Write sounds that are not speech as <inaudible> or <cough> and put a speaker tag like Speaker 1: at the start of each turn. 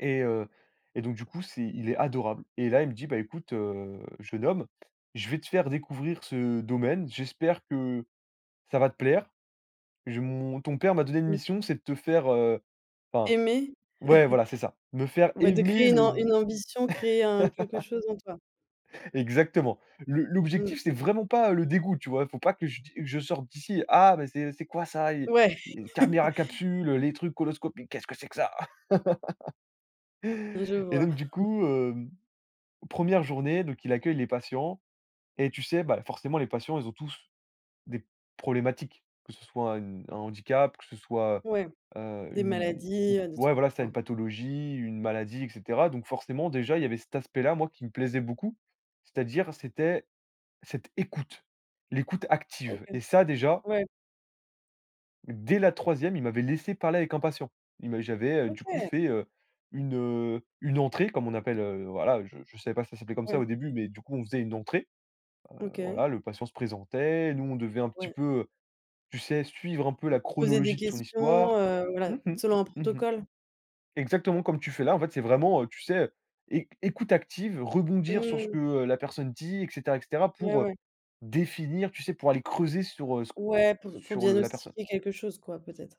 Speaker 1: Et heu, et donc du coup, c'est il est adorable et là, il me dit: «Bah, écoute, heu, jeune homme, je vais te faire découvrir ce domaine, j'espère que ça va te plaire. Je mon ton père m'a donné une
Speaker 2: Mmh
Speaker 1: mission,
Speaker 2: mh.
Speaker 1: c'est de te faire», heu, enfin
Speaker 2: Aimer?
Speaker 1: ouais, voilà ,c'est ça, me
Speaker 2: <chuckles>
Speaker 1: faire
Speaker 2: Ouais, de
Speaker 1: aimer
Speaker 2: créer une
Speaker 1: le
Speaker 2: am une ambition, créer un quelque
Speaker 1: <laughs>
Speaker 2: chose en toi.
Speaker 1: Exactement. Le
Speaker 2: Mmh.
Speaker 1: l'objectif, c'est vraiment pas le dégoût, tu vois? Il faut pas que je d je sorte d'ici: «Ah! Mais c'est c'est quoi ça?» et
Speaker 2: Ouais.
Speaker 1: «et
Speaker 2: <chuckles>
Speaker 1: caméras capsules, les trucs coloscopiques, qu'est-ce que c'est que ça?»
Speaker 2: Je
Speaker 1: <laughs> et
Speaker 2: vois.
Speaker 1: donc du
Speaker 2: <chuckles>
Speaker 1: coup, hem, 1re journée, donc il accueille les patients et tu sais, bah, forcément, les patients, ils ont tous des problématiques, que ce soit une un handicap, que ce soit,
Speaker 2: Ouais,
Speaker 1: heu,
Speaker 2: des
Speaker 1: une
Speaker 2: maladies, heu, des
Speaker 1: ouais,
Speaker 2: trucs,
Speaker 1: voilà, c'est ça
Speaker 2: enfin
Speaker 1: une pathologie, une maladie et cetera donc forcément, déjà, il y avait cet aspect-là, moi, qui me plaisait beaucoup c'est-à-dire c'était cette écoute, l'écoute
Speaker 2: OK,
Speaker 1: active et ça, déjà
Speaker 2: ouais.
Speaker 1: dès la 3e, il m'avait laissé parler avec un patient. Il m'a j'avais, heu, du coup,
Speaker 2: OK!
Speaker 1: fait, heu, une, heu, une entrée comme on appelle, heu, voilà, je je savais pas si ça s'appelait comme ça au
Speaker 2: Ouais.
Speaker 1: début mais du coup, on faisait une entrée, heu,
Speaker 2: OK.
Speaker 1: voilà, le patient se présentait, nous on devait un petit
Speaker 2: Ouais.
Speaker 1: peu, heu, tu sais suivre un peu la
Speaker 2: Poser des
Speaker 1: chronologie de son
Speaker 2: questions,
Speaker 1: histoire.
Speaker 2: heu, voilà,
Speaker 1: Mmh mh,
Speaker 2: selon un
Speaker 1: mmh mh.
Speaker 2: protocole?
Speaker 1: Exactement, comme tu fais là, en fait, c'est vraiment, heu, tu sais, éc écoute active, rebondir sur ce
Speaker 2: Mmh.
Speaker 1: que, heu, la personne dit et cetera et cetera
Speaker 2: Ouais,
Speaker 1: pour, heu,
Speaker 2: ouais.
Speaker 1: définir, tu sais, pour aller creuser sur, heu, ce q
Speaker 2: Ouais, pour pour
Speaker 1: sur le la personne.
Speaker 2: diagnostiquer quelque chose, quoi, peut-être?